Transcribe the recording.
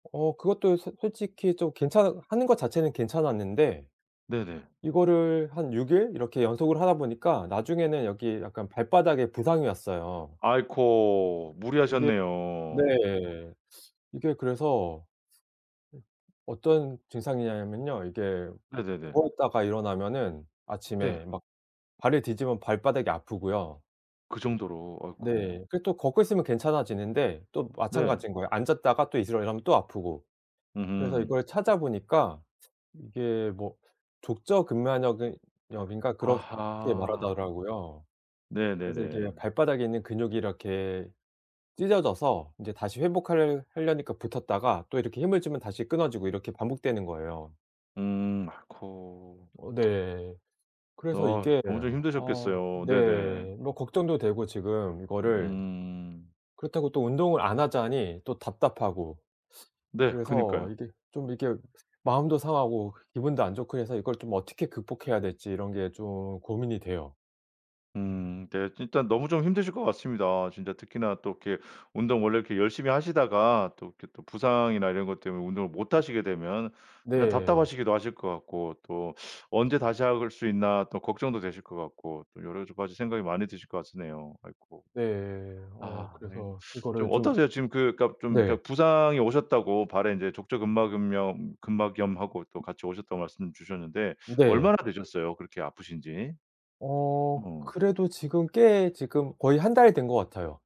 어 그것도 소 솔직히 좀 괜찮은 하는 것 자체는 괜찮았는데. 네네. 이거를 한 6일 이렇게 연속을 하다 보니까 나중에는 여기 약간 발바닥에 부상이 왔어요. 아이코. 이게 네. 무리하셨네요. 이게 그래서 으 어떤 증상이냐면요. 이게 네네네. 누워 있다가 일어나면은 네. 아침에 막 발을 디디면 발바닥이 아프고요. 그 정도로 아이코. 네. 그리고 또 걷고 있으면 괜찮아지는데 또 네. 마찬가지인 거예요. 앉았다가 또 일어나려면 또 아프고. 그래서 으흠. 이걸 찾아 보니까 이게 뭐 족저근막염 염인가 그렇게 아하. 말하더라고요. 그래서 이게 왜 네네네. 발바닥에 있는 근육이 이렇게 찢어져서 이제 다시 회복하려 하려니까 붙었다가 또 이렇게 힘을 주면 다시 끊어지고 이렇게 반복되는 거예요. 음 아이코. 어 네. 그래서 어 이게 엄청 어 힘드셨겠어요. 네네. 네 뭐 걱정도 되고 지금 이거를 음. 그렇다고 또 운동을 안 하자니 또 답답하고. 네 그래서 그니까요. 이게 좀 이렇게 마음도 상하고 기분도 안 좋고 해서 이걸 좀 어떻게 극복해야 될지 이런 게 좀 고민이 돼요. 음 네 일단 너무 좀 힘드실 것 같습니다. 진짜 특히나 또 이렇게 운동 원래 이렇게 열심히 하시다가 또 이렇게 또 부상이나 이런 것 때문에 운동을 못 하시게 되면 그냥 네. 답답하시기도 하실 것 같고 또 '언제 다시 할 수 있나.' 또 걱정도 되실 것 같고 또 여러 가지 생각이 많이 드실 거 같으네요. 아이코. 네. 어 아 이 그래서 좀 이거를 좀 어떠세요? 지금 그니까 좀 네. 그니까 부상이 오셨다고 발에 이제 족저근막은염 근막염하고 또 같이 오셨다고 말씀 주셨는데 네. 얼마나 되셨어요? 그렇게 아프신지. 어 어. 그래도 지금 꽤 지금 거의 1달 된 것 같아요.